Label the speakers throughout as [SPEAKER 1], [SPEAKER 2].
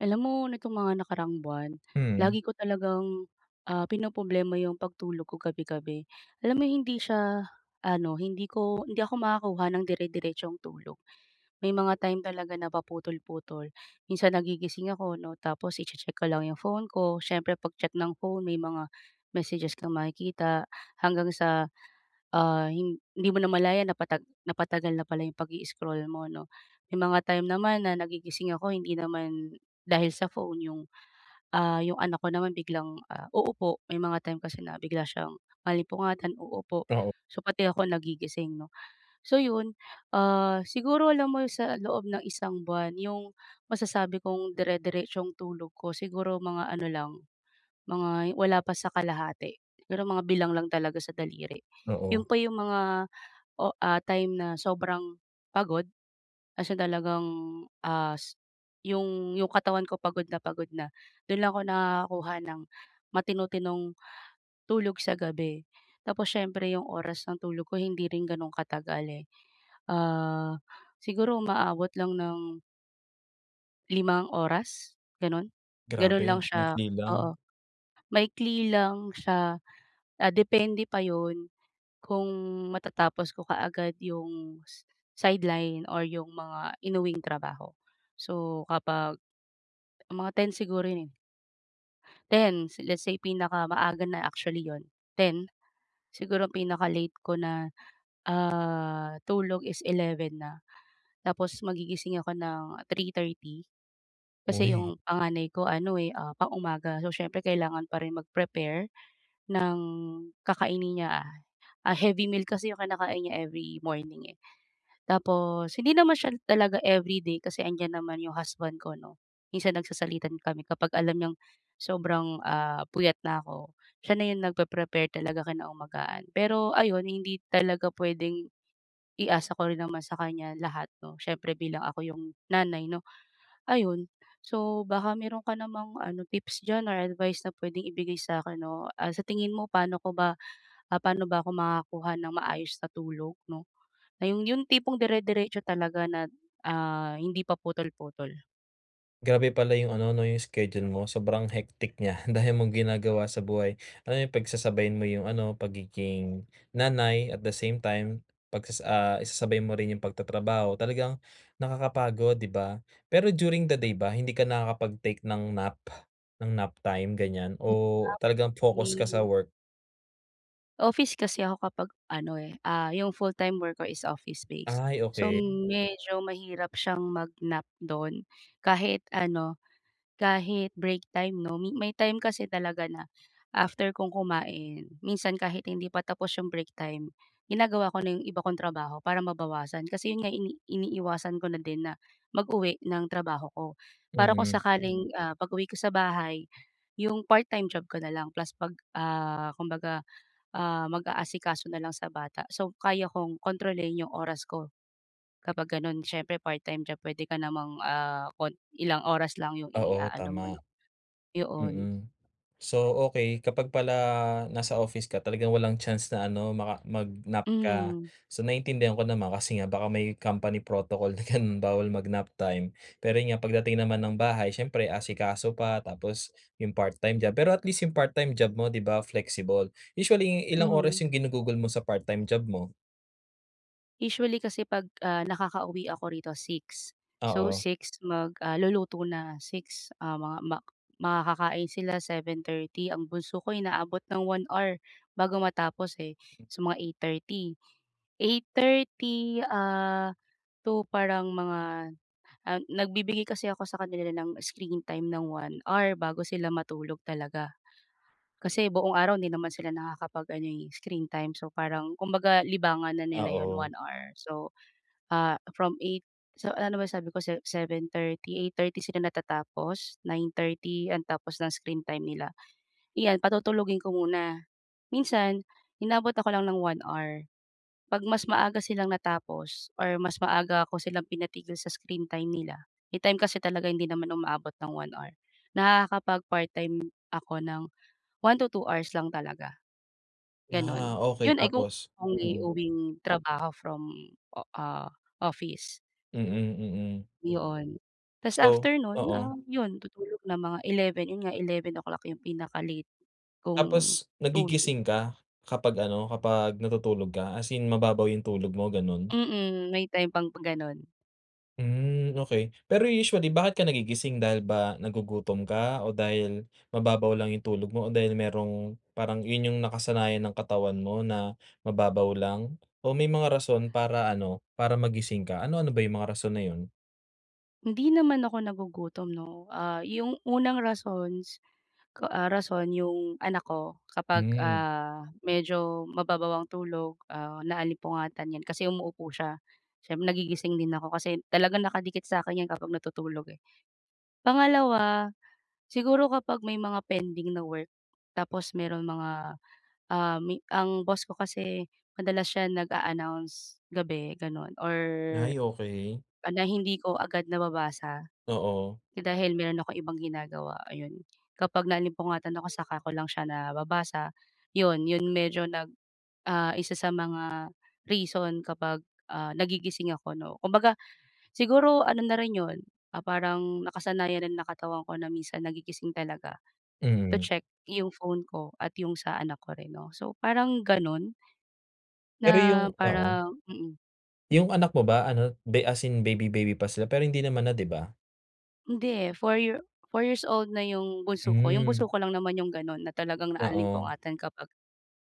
[SPEAKER 1] Alam mo nitong mga nakaraang buwan
[SPEAKER 2] Mm.
[SPEAKER 1] lagi ko talagang, ah, pinoproblema 'yong pagtulog ko gabi-gabi. Alam mo 'yong hindi siya ano hindi ko hindi ako makakuha ng dire-diretsong tulog. May mga time talaga na paputol-putol minsan nagigising ako 'no tapos i-che-check ko lang 'yong phone ko siyempre pag-check ng phone may mga messages kang makikita hanggang sa, ah, hindi mo namalayan napatag napatagal na pala 'yong pag-i-scroll mo, 'no? May mga time naman na nagigising ako hindi naman dahil sa phone 'yong, ah, 'yong anak ko naman biglang, ah, uupo. May mga time kasi na bigla siyang maalimpungatan uupo,
[SPEAKER 2] Oo.
[SPEAKER 1] so pati ako nagigising 'no. So 'yon, ah, siguro alam mo sa loob ng isang buwan 'yong masasabi kong dire-diretsong tulog ko, siguro mga ano lang, mga wala pa sa kalahati, pero mga bilang lang talaga sa daliri. 'Yon
[SPEAKER 2] Oo.
[SPEAKER 1] pa 'yong mga o ah, time na sobrang pagod kasi talagang as 'yong 'yong katawan ko pagod na pagod na do'n lang ako nakakakuha ng matino-tinong tulog sa gabi. Tapos siyempre 'yong oras ng tulog ko hindi rin gano'n katagal, eh. Ah, siguro umaabot lang ng 5 oras ganoon, ganoon
[SPEAKER 2] Grabe,
[SPEAKER 1] lang
[SPEAKER 2] ang
[SPEAKER 1] siya,
[SPEAKER 2] ikli
[SPEAKER 1] oo,
[SPEAKER 2] lang.
[SPEAKER 1] maikli lang siya, ah, depende pa iyon kung matatapos ko kaagad iyong, sideline or iyong mga inuwing trabaho. So, kapag, mga 10:00 siguro yun eh. 10:00, let's say pinaka maaaga na actually iyon, 10:00. Siguro pinaka-late ko na, ah, tulog is 11:00 na. Tapos magigising ako ng 3:30. Kasi
[SPEAKER 2] Uy.
[SPEAKER 1] iyong panganay ko ano eh, ah, pang-umaga, so siyempre kailangan pa rin mag-prepare, ng kakainin niya. Ah, heavy meal kasi iyong kinakain niya every morning eh. Tapos hindi naman siya talaga everyday, kasi nandiyan naman iyong husband ko 'no, minsan nagsasalitan kami kapag alam niyang sobrang, ah, puyat na ako, siya na iyon nagpre-prepare talaga kinaumagahan, pero ayun hindi talaga puwedeng i-asa ko rin naman sa kanya lahat 'no, siyempre bilang ako iyong nanay 'no, ayun. So baka meron ka namang ano tips diyan or advice na puwedeng ibigay sa akin 'no, ah, sa tingin mo, paano ko ba, paano ba ako makakuha ng maayos na tulog 'no, na iyong iyong tipong dire-diretso talaga na ah, hindi pa putol-putol?
[SPEAKER 2] Grabe pala yung ano, 'no, yung schedule mo sobrang hectic niya, dami mong ginagawa sa buhay. Ano yung pagsasabayin mo yung ano pagiging nanay at the same time 'pag sas ah, isasabay mo rin yung pagtatrabaho talagang nakakapagod, 'di ba? Pero during the day ba hindi ka nakakapag-take ng nap? Ng nap time ganiyan
[SPEAKER 1] Hmm, nap,
[SPEAKER 2] o talagang focus ka sa
[SPEAKER 1] eh.
[SPEAKER 2] work?
[SPEAKER 1] Office kasi ako kapag ano, eh, ah, 'yong full-time work ko is office base.
[SPEAKER 2] Ay,
[SPEAKER 1] So,
[SPEAKER 2] okey.
[SPEAKER 1] medyo mahirap siyang mag-nap do'n kahit ano, kahit break time, 'no mi may time kasi talaga na after kong kumain minsan kahit hindi pa tapos 'yong break time ginagawa ko na 'yong iba kong trabaho para mabawasan. Kasi 'yon nga ini iniiwasan ko na din na mag uwi ng trabaho ko para kung
[SPEAKER 2] Mm.
[SPEAKER 1] sakaling, ah, pag-uwi ko sa bahay 'yong part-time job ko na lang plus 'pag, ah, kumbaga, ah, mag-aasikaso na lang sa bata. So, kaya kong kontrolin 'yong oras ko, kapag gano'n, siyempre part-time job puwede ka namang, ah, kun ilang oras lang 'yong
[SPEAKER 2] Oo,
[SPEAKER 1] iaano mo,
[SPEAKER 2] tama.
[SPEAKER 1] 'no? Yoon.
[SPEAKER 2] Mm. So, okey kapag pala nasa office ka talagang walang chance na ano maka mag-nap ka.
[SPEAKER 1] Mhm.
[SPEAKER 2] So, naintindihan ko naman kasi nga baka may company protocol na ganun bawal mag-nap time. Pero 'yon nga pagdating naman ng bahay siyempre asikaso pa tapos yung part-time job pero at least yung part-time job mo, 'di ba, flexible. Usually ilang oras
[SPEAKER 1] Mhm.
[SPEAKER 2] yung ginugugol mo sa part time job mo?
[SPEAKER 1] Usually, kasi 'pag, ah, nakakauwi ako rito, 6:00. So,
[SPEAKER 2] Oo.
[SPEAKER 1] 6:00 mag, ah, luluto na. 6:00 ah, mga ma makakakain sila 7:30, ang bunso ko inaabot ng 1 hour bago matapos eh. So mga 8:30, 8:30 ah, to, parang mga, ah, nagbibigay kasi ako sa kanila ng screen time ng 1 hour, bago sila matulog talaga. Kasi buong araw 'di naman sila nakakapag-ano eh, screen time, so parang, kumbaga libangan na nila 'yon,
[SPEAKER 2] Oo.
[SPEAKER 1] 1 hour. So, ah, from 8:00 so, ano na ba sabi ko se 7:30, 8:30 sila natatapos, 9:30 ang tapos ng screen time nila. Iyan patutulugin ko muna, minsan inabot ako lang ng 1 hour, 'pag mas maaga silang natapos or mas maaga ako silang pinatigil sa screen time nila- may time kasi talaga hindi naman umaabot ng 1 hour- nakakapag-part-time ako ng 1-2 hours lang talaga, gano'n.
[SPEAKER 2] Ah, okay,
[SPEAKER 1] 'Yon ay kung
[SPEAKER 2] tapos? Mm.
[SPEAKER 1] uwi-uwing trabaho from o ah, office.
[SPEAKER 2] Mm, mm.
[SPEAKER 1] Yoon. Tapos
[SPEAKER 2] So
[SPEAKER 1] after no'n,
[SPEAKER 2] oo.
[SPEAKER 1] um, yun tutulog na mga 11:00, 'yon nga 11:00 o'clock 'yong pinaka-late kong
[SPEAKER 2] Tapos
[SPEAKER 1] tul
[SPEAKER 2] nagigising ka kapag ano, kapag natutulog ka? As in, mababaw yung tulog mo, gano'n?
[SPEAKER 1] Mm, may time pang pa gano'n.
[SPEAKER 2] Hmm. Okey, pero usually bakit ka nagigising, dahil ba nagugutom ka, o dahil mababaw lang yung tulog mo, o dahil merong parang yun yung nakasanayan ng katawan mo na mababaw lang, o may mga rason para ano, para magising ka? Ano-ano ba yung mga rason na yun?
[SPEAKER 1] Hindi naman ako nagugutom 'no. Ah, 'yong unang rasons ko, ah, rason 'yong anak ko kapag,
[SPEAKER 2] Hmm.
[SPEAKER 1] ah, medyo mababaw ang tulog, ah, naalimpungatan 'yan kasi umuuupo siya. Siyem nagigising din ako kasi talagang nakadikit sa akin 'yan kapag natutulog, eh. Pangalawa, siguro kapag may mga pending na work. Tapos meron mga, um, mi ang boss ko kasi madalas siya nag-a-announce gabi gano'n, or
[SPEAKER 2] Ay, okey.
[SPEAKER 1] ah, na hindi ko agad nababasa
[SPEAKER 2] Oo.
[SPEAKER 1] dahil meron akong ibang ginagawa ayon. Kapag naalimpungatan ako, saka ko lang siya nababasa. 'Yon, 'yon, medyo nag ah, isa sa mga reason kapag, ah, nagigising ako 'no. Kumbaga, siguro ano na rin 'yon, ah, parang nakasanayan rin ng katawan ko na minsan nagigising talaga, to
[SPEAKER 2] Mm.
[SPEAKER 1] check 'yong phone ko at 'yong sa anak ko rin 'no. So, parang gano'n?
[SPEAKER 2] Pero yung
[SPEAKER 1] Na
[SPEAKER 2] Oo.
[SPEAKER 1] parang mm.
[SPEAKER 2] Yung anak mo ba ano, be as in baby baby pa sila, pero hindi naman na, 'di ba?
[SPEAKER 1] Hindi. 4 year 4 years old na yung bunso ko. Yung bunso
[SPEAKER 2] Hmm.
[SPEAKER 1] ko lang naman yung gano'n na talagang
[SPEAKER 2] Oo.
[SPEAKER 1] naalimpungatan kapag,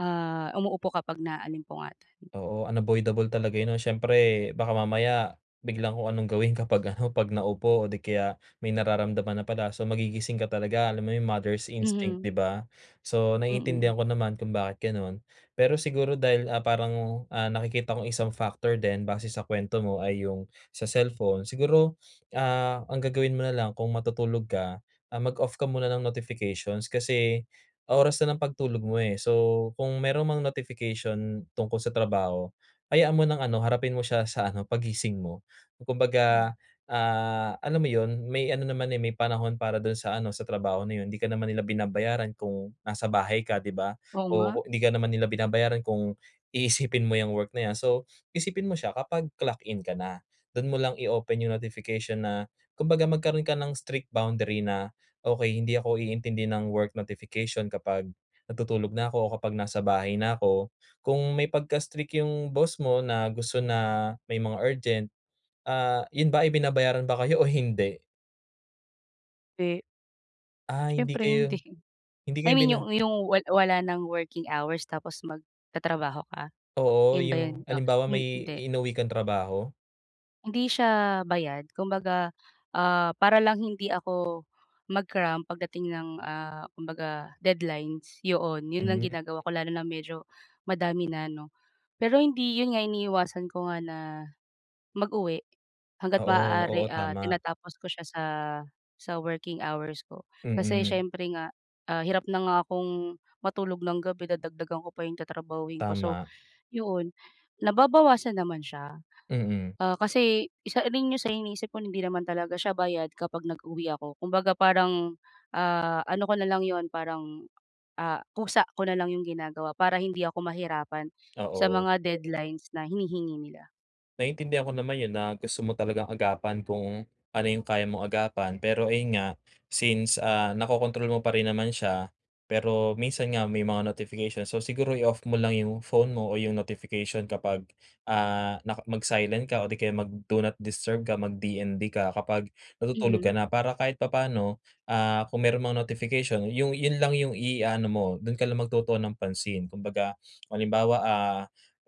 [SPEAKER 1] ah, umuupo kapag naalimpungatan.
[SPEAKER 2] Oo, unavoidable talaga 'yon, 'no. Siyempre, baka mamaya biglang kung anong gawin kapag ano, 'pag naupo o 'di kaya may nararamdaman na pala, so magigising ka talaga. Alam mo yung mother's instinct, 'di
[SPEAKER 1] Mhm.
[SPEAKER 2] ba? So,
[SPEAKER 1] Mm.
[SPEAKER 2] naiintindihan ko naman kung bakit gano'n. Pero siguro dahil, ah, parang, ah, nakikita kong isang factor din, base sa kuwento mo ay yung sa cellphone. Siguro, ah, ang gagawin mo na lang kung matutulog ka, ah, mag-off ka muna ng notifications, kasi oras na ng pagtulog mo, eh. So, kung meron mang notification tungkol sa trabaho, hayaan mo ng ano, harapin mo siya sa ano, paggising mo.
[SPEAKER 1] Hmm.
[SPEAKER 2] Kumbaga, ah, alam mo 'yon, may ano naman, eh, may panahon para doon sa ano, sa trabaho na 'yon. Hindi ka naman nila binabayaran kung nasa bahay ka, 'di ba?
[SPEAKER 1] Oo nga.
[SPEAKER 2] O ku hindi ka naman nila binabayaran kung iisipin mo 'yang work na 'yan. So, isipin mo siya, kapag clock in ka na, do'n mo lang i-open yung notification na, kumbaga magkaroon ka ng strict boundary na, "Okey, hindi ako iintindi ng work notification kapag natutulog na ako o kapag nasa bahay na ako." Kung may pagka-strict yung boss mo na gusto na may mga urgent, ah, 'yon ba ay binabayaran ba kayo o hindi?
[SPEAKER 1] Eh.
[SPEAKER 2] Ah, hindi
[SPEAKER 1] Siyempre hindi
[SPEAKER 2] kayo hindi
[SPEAKER 1] I
[SPEAKER 2] kayo
[SPEAKER 1] mean
[SPEAKER 2] bina
[SPEAKER 1] 'yong 'yong wal wala ng working hours tapos magtatrabaho ka,
[SPEAKER 2] Oo,
[SPEAKER 1] 'yon ba 'yon
[SPEAKER 2] yung
[SPEAKER 1] o
[SPEAKER 2] halimbawa may
[SPEAKER 1] hindi?
[SPEAKER 2] inuwi kang trabaho?
[SPEAKER 1] Hindi siya bayad. Kumbaga, ah, para lang hindi ako mag-cram pagdating ng, ah, kumbaga deadlines yoon 'yon ang
[SPEAKER 2] Hmm.
[SPEAKER 1] ginagawa ko lalo na medyo madami na 'no. Pero hindi 'yon nga iniiwasan ko nga na mag-uwi hangga't
[SPEAKER 2] Oo,
[SPEAKER 1] maaari,
[SPEAKER 2] oo,
[SPEAKER 1] ah,
[SPEAKER 2] tama.
[SPEAKER 1] tinatapos ko siya sa sa working hours ko kasi
[SPEAKER 2] Mm.
[SPEAKER 1] siyempre nga, ah, hirap na nga akong matulog ng gabi dadagdagan ko pa 'yong tatrabahuhin ko. So,
[SPEAKER 2] Tama
[SPEAKER 1] 'yon nababawasan naman siya,
[SPEAKER 2] Mm.
[SPEAKER 1] ah, kasi isa rin yun sa iniisip ko na hindi naman talaga siya bayad kapag nag-uwi ako kumbaga parang, ah, ano ko na lang 'yon parang, ah, kusa ko na lang 'yong ginagawa para hindi ako mahirapan sa
[SPEAKER 2] Oo.
[SPEAKER 1] mga deadlines na hinihingi nila.
[SPEAKER 2] Naintindihan ko naman yun na gusto mo talagang agapan kung ano yung kaya mong agapan pero ayun nga since, ah, nakokontrol mo pa rin naman siya pero minsan nga may mga notification. So, siguro i-off mo lang yung phone mo o yung notification kapag, ah, naka mag-silent ka o di kaya mag-do not disturb ka mag DND ka kapag natutulog ka
[SPEAKER 1] Mhm.
[SPEAKER 2] na para kahit papaano, ah, kung meron mang notification yung yun lang yung i-aano mo dun ka lang magtutuon ng pansin. Kumbaga, halimbawa, ah,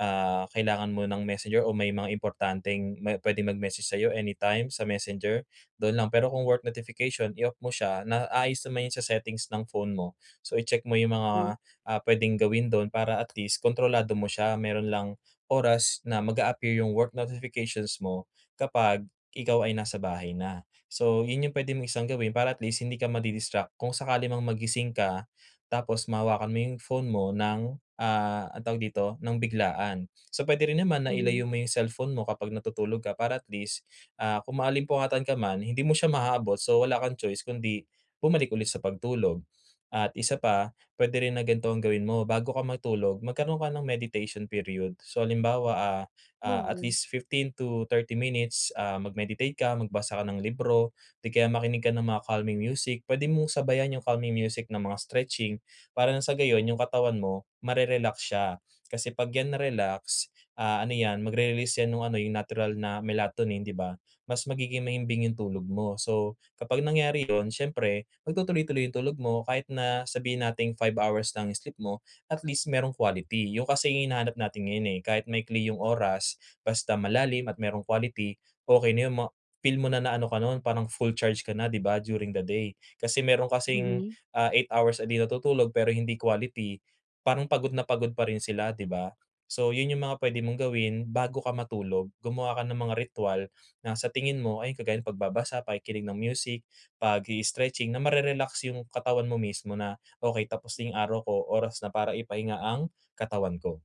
[SPEAKER 2] ah kailangan mo ng Messenger o may mga importanteng ma pwedeng mag-message sa'yo anytime sa Messenger dun lang. Pero kung work notification i-off mo siya naayos naman yun sa settings ng phone mo. So, i-check mo yung
[SPEAKER 1] Mm.
[SPEAKER 2] mga, ah, puwedeng gawin do'n para at least kontrolado mo siya mayroon lang oras na mag-a-appear 'yong work notifications mo kapag ikaw ay nasa bahay na. So, yun yung puwede mong isang gawin para at least hindi ka ma-di-distract kung sakali mang magising ka tapos mahawakan mo yung phone mo ng, ah, anong tawag dito nang biglaan. So, puwede rin naman na
[SPEAKER 1] Mhm.
[SPEAKER 2] ilayo mo yung cellphone mo kapag natutulog ka para at least, ah, kung maalimpungatan ka man hindi mo siya maabot so wala kang choice kundi bumalik ulit sa pagtulog. At isa pa puwede rin na ganto ang gawin mo bago ka matulog magkaroon ka ng meditation period. So, halimbawa, ah, ah, at
[SPEAKER 1] Oo.
[SPEAKER 2] least 15-30 minutes, ah, mag-meditate ka magbasa ka ng libro. 'Di kaya makinig ka ng mga calming music, puwede mong sabayan yung calming music ng mga stretching para nang sa gayon yung katawan mo ma-re-relax siya. Kasi 'pag 'yan na-relax, ah, ano 'yan mag-re-release 'yan nung ano, yung natural na melatonin, 'di ba? Mas magiging mahimbing yung tulog mo. So, kapag nangyari yun siyempre magtutuloy-tuloy yung tulog mo kahit na sabihin nating 5 hours lang sleep mo at least meron quality. Yun kasi yung hinahanap natin ngayon, eh, kahit maikli yung oras basta malalim at merong quality okey na yon ma-feel mo na na ano ka nun parang full charge ka na 'di ba, during the day. Kasi meron kasing,
[SPEAKER 1] Mhm.
[SPEAKER 2] ah, 8 hours a day na natutulog pero hindi quality parang pagod na pagod pa rin sila, 'di ba? So, yun yung mga puwede mong gawin bago ka matulog, gumawa ka ng mga ritwal na sa tingin mo ay kagaya ng pagbabasa pakikinig ng music pag-i-stretching na ma-re-relax yung katawan mo mismo na, "Okey tapos na yung araw ko oras na para ipahinga ang katawan ko."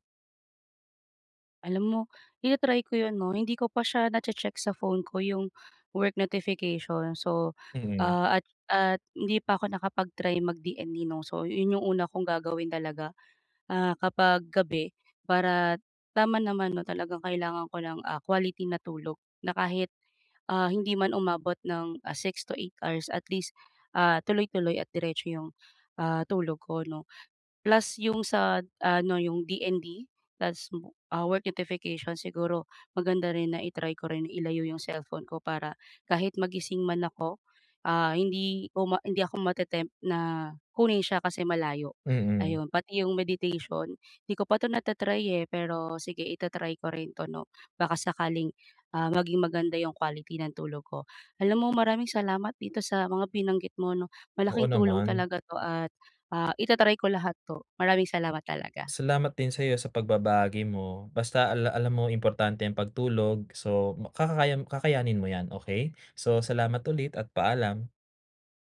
[SPEAKER 1] Alam mo, ita-try ko 'yon 'no. Hindi ko pa siya nache-check sa phone ko, yung work notification. So,
[SPEAKER 2] Mhm.
[SPEAKER 1] ah, at at hindi pa ako nakapag-try mag-DND 'no, so 'yon yung una kong gagawin talaga, ah, kapag gabi, para tama naman 'no, talagang kailangan ko ng, ah, quality na tulog na kahit, ah, hindi man umabot ng, ah, 6-8 hours at least, ah, tuloy-tuloy at diretso yung, ah, tulog ko 'no. Plus yung sa, ah, 'no, yung DND plus, ah, work notification. Siguro, maganda rin na i-try ko rin ilayo yung cellphone ko para kahit magising man ako, ah, hindi ko hindi ako mate-tempt na kunin siya kasi malayo.
[SPEAKER 2] Mm.
[SPEAKER 1] Ayun, pati yung meditation, 'di ko pa 'to nata-try, eh. Pero sige ita-try ko rin 'to 'no, baka sakaling, ah, maging maganda yung quality ng tulog ko. Alam mo maraming salamat dito sa mga binanggit mo 'no,
[SPEAKER 2] Oo
[SPEAKER 1] malaking tulong
[SPEAKER 2] naman.
[SPEAKER 1] talaga 'to, at, ah, ita-try ko lahat 'to. Maraming salamat talaga.
[SPEAKER 2] Salamat din sa'yo sa pagbabahagi mo. Basta ala alam mo, importante ang pagtulog. So, kakakaya kakayanin mo 'yan, okey? So, salamat ulit at paalam.